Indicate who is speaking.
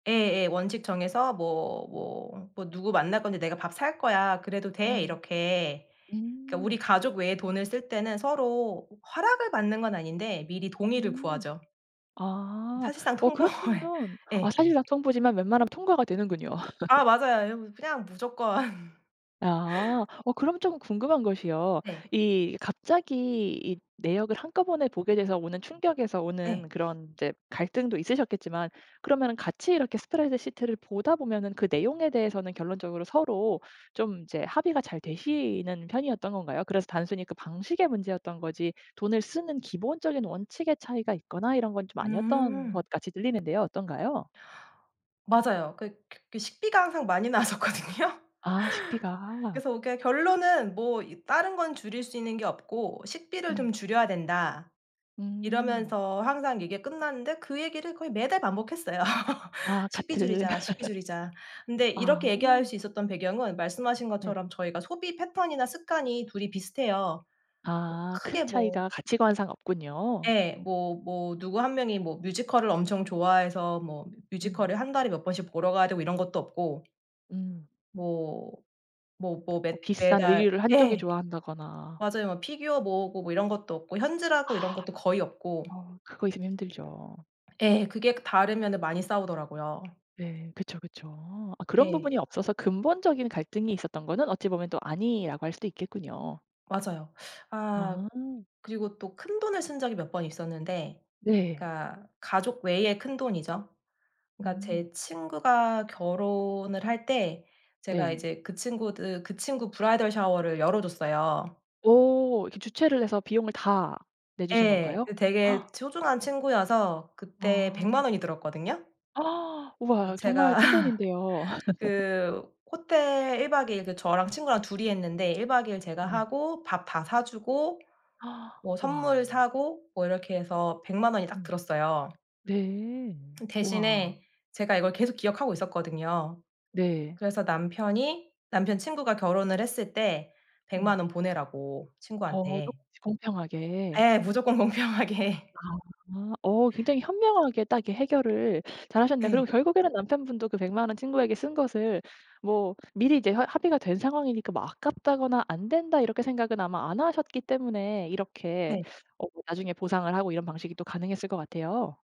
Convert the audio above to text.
Speaker 1: 예예. 원칙 정해서 뭐 뭐 뭐 "누구 만날 건데 내가 밥 살 거야. 그래도 돼?"
Speaker 2: 음.
Speaker 1: 이렇게. 그러니까 우리
Speaker 2: 음.
Speaker 1: 가족 외에 돈을 쓸 때는 서로 허락을 받는 건 아닌데 미리 동의를
Speaker 2: 음.
Speaker 1: 구하죠.
Speaker 2: 아.
Speaker 1: 사실상
Speaker 2: 어
Speaker 1: 통보해
Speaker 2: 그렇다면 아
Speaker 1: 예.
Speaker 2: 사실상 통보지만 웬만하면 통과가 되는군요.
Speaker 1: 아 맞아요. 예 뭐 그냥 무조건.
Speaker 2: 아. 어 그럼 쪼금 궁금한 것이요
Speaker 1: 네.
Speaker 2: 이 갑자기 이 내역을 한꺼번에 보게 돼서 오는 충격에서 오는
Speaker 1: 네.
Speaker 2: 그런 이제 갈등도 있으셨겠지만 그러면은 같이 이렇게 스프레드시트를 보다 보면은 그 내용에 대해서는 결론적으로 서로 좀 이제 합의가 잘 되시는 편이었던 건가요? 그래서 단순히 그 방식의 문제였던 거지 돈을 쓰는 기본적인 원칙의 차이가 있거나 이런 건 좀 아니었던
Speaker 1: 음.
Speaker 2: 것 같이 들리는데요. 어떤가요?
Speaker 1: 맞아요. 그 그 식비가 항상 많이 나왔었거든요.
Speaker 2: 아 식비가.
Speaker 1: 그래서 그러니까 결론은 '뭐 이 다른 건 줄일 수 있는 게 없고 식비를
Speaker 2: 음.
Speaker 1: 좀 줄여야 된다.'
Speaker 2: 음.
Speaker 1: 이러면서 항상 얘기가 끝났는데 그 얘기를 거의 매달 반복했어요.
Speaker 2: 아
Speaker 1: "식비
Speaker 2: 같은.
Speaker 1: 줄이자, 식비 줄이자." 근데 이렇게
Speaker 2: 아.
Speaker 1: 얘기할 수 있었던 배경은 말씀하신
Speaker 2: 네.
Speaker 1: 것처럼 저희가 소비 패턴이나 습관이 둘이 비슷해요.
Speaker 2: 아 큰
Speaker 1: 크게 뭐
Speaker 2: 차이가 가치관상 없군요.
Speaker 1: 예. 뭐 뭐 누구 1 명이 뭐 뮤지컬을 엄청 좋아해서 뭐
Speaker 2: 음.
Speaker 1: 뮤지컬을 1 달에 몇 번씩 보러 가야 되고 이런 것도 없고
Speaker 2: 음.
Speaker 1: 뭐 뭐 뭐
Speaker 2: 뭐
Speaker 1: 맷
Speaker 2: 비싼
Speaker 1: 매달
Speaker 2: 의류를 한쪽이
Speaker 1: 예.
Speaker 2: 좋아한다거나
Speaker 1: 맞아요. 막 피규어 모으고 뭐 이런 것도 없고 현질하고 이런
Speaker 2: 아.
Speaker 1: 것도 거의 없고
Speaker 2: 어 그거 있으면 힘들죠.
Speaker 1: 예. 그게 다르면은 많이 싸우더라고요.
Speaker 2: 네. 그쵸, 그쵸. 아 그런
Speaker 1: 예.
Speaker 2: 부분이 없어서 근본적인 갈등이 있었던 거는 어찌 보면 또 아니라고 할 수도 있겠군요.
Speaker 1: 맞아요. 아
Speaker 2: 아.
Speaker 1: 그리고 또 큰돈을 쓴 적이 몇 번 있었는데
Speaker 2: 네.
Speaker 1: 그러니까 가족 외에 큰돈이죠. 그러니까 제
Speaker 2: 음.
Speaker 1: 친구가 결혼을 할 때 제가
Speaker 2: 네.
Speaker 1: 이제 그 친구들 그 친구 브라이덜 샤워를 열어 줬어요.
Speaker 2: 오 이렇게 주최를 해서 비용을 다 내주신
Speaker 1: 예.
Speaker 2: 건가요?
Speaker 1: 그 되게 소중한 친구여서 그때 100
Speaker 2: 아.
Speaker 1: 만 원이 들었거든요.
Speaker 2: 와
Speaker 1: 그
Speaker 2: 정말
Speaker 1: 제가
Speaker 2: 큰돈인데요.
Speaker 1: 그 호텔 1 박 2 일 그 저랑 친구랑 둘이 했는데 1 박 2 일 제가
Speaker 2: 네.
Speaker 1: 하고 밥 다 사주고 뭐 선물
Speaker 2: 와.
Speaker 1: 사고 뭐 이렇게 해서 100 만 원이 딱
Speaker 2: 음.
Speaker 1: 들었어요.
Speaker 2: 네. 와.
Speaker 1: 대신에 제가 이걸 계속 기억하고 있었거든요.
Speaker 2: 네.
Speaker 1: 그래서 남편이 남편 친구가 결혼을 했을 때 100 만
Speaker 2: 음.
Speaker 1: 원 보내라고
Speaker 2: 어
Speaker 1: 친구한테.
Speaker 2: 조금씩 공평하게.
Speaker 1: 예. 무조건 공평하게.
Speaker 2: 아 아 어 굉장히 현명하게 딱 이렇게 해결을 잘하셨네요. 그리고
Speaker 1: 예.
Speaker 2: 결국에는 남편분도 그 100 만 원 친구에게 쓴 것을 뭐 미리 이제 합 합의가 된 상황이니까 뭐 '아깝다거나 안 된다.' 이렇게 생각은 아마 안 하셨기 때문에 이렇게
Speaker 1: 네.
Speaker 2: 어 나중에 보상을 하고 이런 방식이 또 가능했을 것 같아요.